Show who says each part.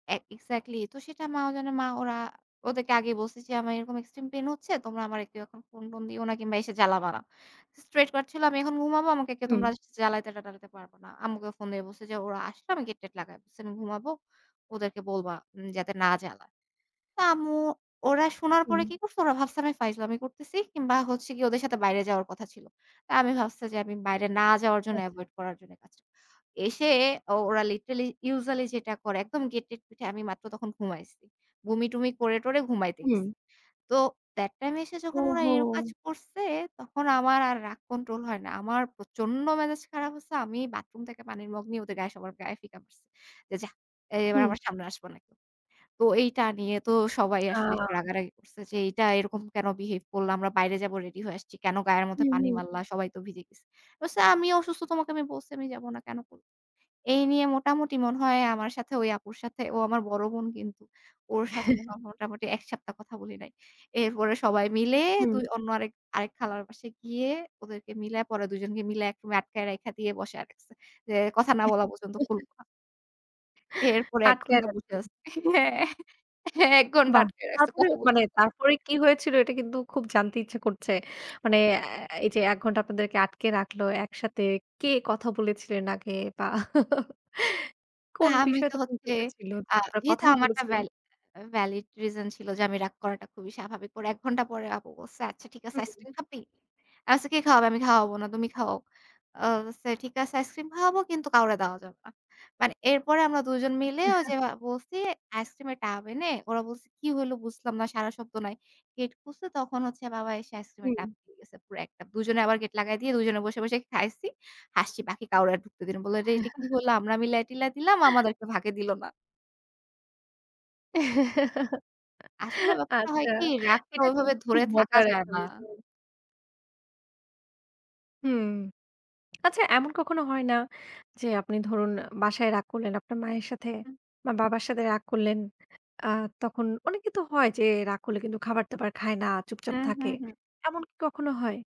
Speaker 1: এ exactly তো সেটা মা ও জানে, মা ওরা ওদেরকে আগেই বলছি যে "আমার এরকম এক্সট্রিম পেইন হচ্ছে। তোমরা আমারে কেউ এখন ফোন-টোন দিও না কিংবা এসে জ্বালাবা না।" স্ট্রেইটকাট ছিল, "আমি এখন ঘুমাবো, আমাকে কেউ
Speaker 2: হুম।
Speaker 1: তোমরা জ্বালাইতে-টালাইতে পারবা না।" আম্মুকে ফোন দিয়ে বলছি যে, "ওরা আসলে আমি গেট-টেট লাগায়ে বলছি আমি ঘুমাবো, ওদেরকে বলবা যাতে না জ্বালায়।" তো আম্মু, ওরা শোনার পরে
Speaker 2: হুম।
Speaker 1: কি করছে? ওরা ভাবছে আমি ফাইজলামি করতেছি কিংবা হচ্ছে গিয়ে ওদের সাথে বাইরে যাওয়ার কথা ছিল। তো আমি ভাবছে যে আমি বাইরে না যাওয়ার জন্য
Speaker 2: আচ্ছা।
Speaker 1: এভয়েড করার জন্য কাজটা এসে ও ওরা লিটারেলি ইউজুয়ালি যেটা করে একদম গেট-টেট পিটায়ে, আমি মাত্র তখন ঘুমাইছি। বমি-টমি করে-টরে ঘুমাইতে গেছি।
Speaker 2: হুম।
Speaker 1: তো that টাইম এসে যখন ওরা এরম কাজ
Speaker 2: ওহো!
Speaker 1: করছে তখন আমার আর রাগ কন্ট্রোল হয় না, আমার প্রচন্ড মেজাজ খারাপ হইছে। আমি বাথরুম থেকে পানির মগ নিয়ে ওদের গায়ে, সবার গায়ে ফিকা মারছে। যে, "যাহ, এবার
Speaker 2: হুম।
Speaker 1: আমার সামনে আসবা না কেউ।" তো এইটা নিয়ে তো সবাই আসলে
Speaker 2: আ!
Speaker 1: একটু রাগারাগি করছে যে, "এইটা এরকম কেনো বিহেভ করলা? আমরা বাইরে যাবো রেডি হয়ে আসছি। কেনো গায়ের মধ্যে
Speaker 2: হুম,
Speaker 1: পানি
Speaker 2: হুম।
Speaker 1: মারলাম? সবাই তো ভিজে গেছে।" বলছি, "আমি অসুস্থ, তোমাকে আমি বলছি আমি যাব না কেনো?" এই নিয়ে মোটামুটি মনে হয় আমার সাথে ওই আপুর সাথে ও আমার বড় বোন কিন্তু ওর সাথে মোটামুটি ১ সপ্তাহ কথা বলি নাই। এরপরে সবাই মিলে দু
Speaker 2: হুম।
Speaker 1: অন্য আরেক আরেক খালার বাসায় গিয়ে ওদেরকে মিলায়ে, পরে ২ জনকে মিলায়ে এক আটকায় রাইখা দিয়ে বসায়ে রাখছে। যে কথা না বলা পর্যন্ত খুলবো না। এরপরে ১
Speaker 2: আটকায়ে
Speaker 1: ঘণ্টা বসে
Speaker 2: রাখতে।
Speaker 1: আছি হ্যাঁ, হ্যাঁ ১ ঘণ্টা
Speaker 2: বাহ!
Speaker 1: আটকায় রাখছে
Speaker 2: তারপরে
Speaker 1: কথা বলি
Speaker 2: মানে
Speaker 1: না কেনো?
Speaker 2: তারপরে কি হয়েছিল? এটা কিন্তু খুব জানতে ইচ্ছে করছে। মানে আ এই যে ১ ঘন্টা আপনাদেরকে আটকে রাখলো একসাথে। কে কথা বলেছিলেন আগে বা
Speaker 1: তা
Speaker 2: কোন
Speaker 1: আমি
Speaker 2: বিষয়
Speaker 1: তো
Speaker 2: তখন
Speaker 1: হচ্ছে
Speaker 2: ঘটেছিলো?
Speaker 1: আ
Speaker 2: আপনার
Speaker 1: যেহেতু
Speaker 2: কথাই
Speaker 1: আমার একটা
Speaker 2: বলেছিলেন।
Speaker 1: ভ্যালিড ভ্যালিড রিজন ছিল যে আমি রাগ করাটা খুবই স্বাভাবিক। পরে ১ ঘণ্টা পরে আপু বলছে, "আচ্ছা ঠিক আছে
Speaker 2: হুম।
Speaker 1: আইসক্রিম খাবি?" আমি বলছি, "কে খাওয়াবে? আমি খাওয়াবো না, তুমি খাওয়াও।" আ বলছে, "ঠিক আছে আইসক্রিম খাওয়াবো কিন্তু কাউরে দেওয়া যাবে না।" মানে এরপরে আমরা দুজন মিলে ওইযে বলছি আইসক্রিমের টাব এনে। ওরা বলছে, "কি হইল বুঝলাম না, সাড়া শব্দ নাই।" গেট খুলছে তখন হচ্ছে বাবা আইসক্রিমের টাব
Speaker 2: হুম।
Speaker 1: দিয়ে গেছে পুড়া একটা, দুজনে আবার গেট লাগায়ে দিয়ে দুজনে বসে, বসে খাইছি, হাসছি বাকি কাউরে আর ঢুকতে দেইনা। বলল, "এটা কি হলো আমরা মিলায়-টিলায় দিলাম, আমাদেরকে ভাগে দিল না।" আসলে ব্যাপারটা হয়
Speaker 2: আচ্ছা,
Speaker 1: কি রাগটা
Speaker 2: এটা
Speaker 1: ওইভাবে
Speaker 2: কিন্তু
Speaker 1: ধরে
Speaker 2: খুব
Speaker 1: থাকা
Speaker 2: মজার
Speaker 1: যায়
Speaker 2: একটা
Speaker 1: না।
Speaker 2: বিষয়। হুম, আচ্ছা, এমন কখনো হয় না যে আপনি ধরুন বাসায় রাগ করলেন আপনার মায়ের সাথে
Speaker 1: হুম।
Speaker 2: বা বাবার সাথে রাগ করলেন আ তখন অনেকে তো হয় যে রাগ করলে কিন্তু খাবার-দাবার খায় না, চুপচাপ
Speaker 1: হুম,
Speaker 2: থাকে
Speaker 1: হুম, হুম।
Speaker 2: এমন কি কখনো হয়?